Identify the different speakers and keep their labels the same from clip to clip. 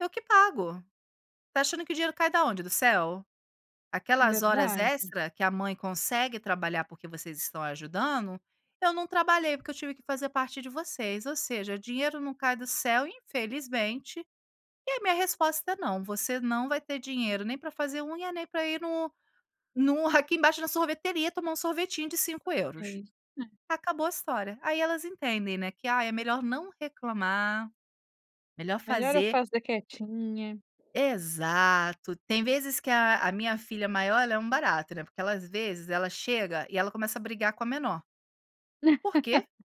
Speaker 1: "Eu que pago. Tá achando que o dinheiro cai da onde, do céu? Aquelas horas
Speaker 2: Verdade.
Speaker 1: extra que a mãe consegue trabalhar, por que vocês estão ajudando? Eu não trabalhei porque eu tive que fazer parte de vocês, ou seja, dinheiro não cai do céu, infelizmente. E a minha resposta é não, você não vai ter dinheiro nem para fazer unha nem para ir no no aqui embaixo, na sorveteria, tomar um sorvetinho de 5 €".
Speaker 2: [unintelligible]
Speaker 1: Acabou a história. Aí elas entendem, né que ai é melhor não reclamar, melhor
Speaker 2: "Melhor eu
Speaker 1: fazer.
Speaker 2: fazer quietinha".
Speaker 1: Exato. Tem vezes que a a minha filha maior, ela é um barato, né. Porque ela às vezes ela chega e ela começa a brigar com a menor. Por quê?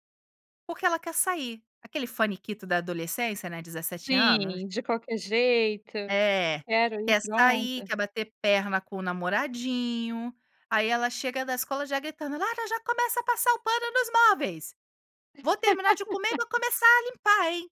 Speaker 1: Porque ela quer sair. Aquele faniquito da adolescência, né, 17 anos.
Speaker 2: Sim. De qualquer jeito.
Speaker 1: É,
Speaker 2: "Quero ir
Speaker 1: quer sair,
Speaker 2: pronta".
Speaker 1: quer bater perna com o namoradinho. Aí ela chega da escola já gritando: "Lara, já começa a passar o pano nos móveis. Vou terminar de comer e vou começar a limpar, hein".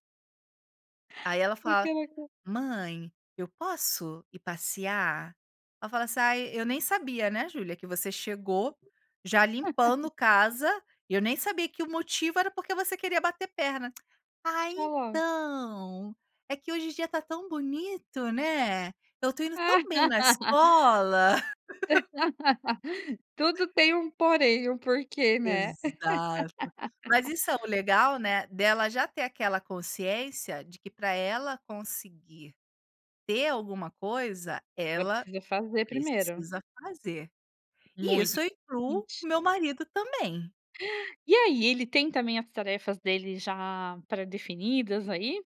Speaker 1: Aí ela
Speaker 2: Porque
Speaker 1: fala:
Speaker 2: ela quer
Speaker 1: "Mãe, eu posso ir passear?" Ai eu falo assim: "Ai, eu nem sabia, né, Julia, que você chegou já limpando casa, e eu nem sabia que o motivo era porque você queria bater perna". "Ah,
Speaker 2: Deixa lá.
Speaker 1: então, é que hoje o dia está tão bonito, né. Eu estou indo tão bem na escola".
Speaker 2: Tudo tem um porém, um porquê, né.
Speaker 1: Exato. Mas isso é o legal, né, dela já ter aquela consciência de que para ela conseguir ter alguma coisa,
Speaker 2: Ela
Speaker 1: ela
Speaker 2: precisa fazer primeiro.
Speaker 1: precisa fazer. E
Speaker 2: Muito
Speaker 1: isso eu incluo
Speaker 2: [unintelligible]
Speaker 1: o meu marido também.
Speaker 2: E aí, ele tem também as tarefas dele já pré-definidas aí?